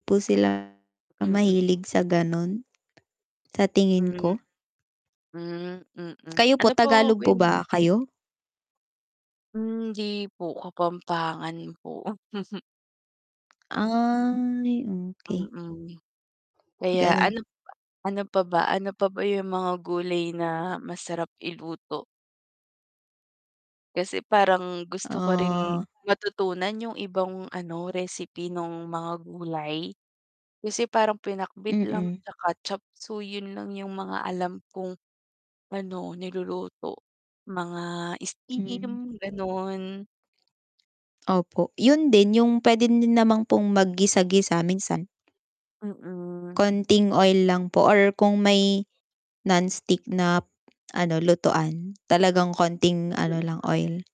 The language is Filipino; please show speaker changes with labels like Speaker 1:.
Speaker 1: 'Di po sila
Speaker 2: Mm.
Speaker 1: mahilig sa ganun, sa tingin
Speaker 2: Hmm.
Speaker 1: ko.
Speaker 2: Hmm, mm,
Speaker 1: Kayo po,
Speaker 2: ano po
Speaker 1: Tagalog
Speaker 2: ba
Speaker 1: po
Speaker 2: yung
Speaker 1: ba kayo?
Speaker 2: Hindi po, Kapampangan po.
Speaker 1: Ay, okey.
Speaker 2: Mm. Kaya
Speaker 1: Ganun.
Speaker 2: ano, ano pa ba, ano pa ba yung mga gulay na masarap iluto? Kasi parang gusto ko rin
Speaker 1: Oh.
Speaker 2: matutunan yung ibang ano recipe nung mga gulay, kasi parang pinakbet lang
Speaker 1: Mm.
Speaker 2: 'tsaka chopseuy, yun lang yung mga alam kong ano niluluto mga
Speaker 1: Hmm.
Speaker 2: steam, ganon.
Speaker 1: Opo, yun din yung puwede din naman pong maggisa-gisa minsan.
Speaker 2: Mm.
Speaker 1: Konting oil lang po or kung may non-stick na ano, lutuan talagang konting ano lang,
Speaker 2: Mm.
Speaker 1: oil.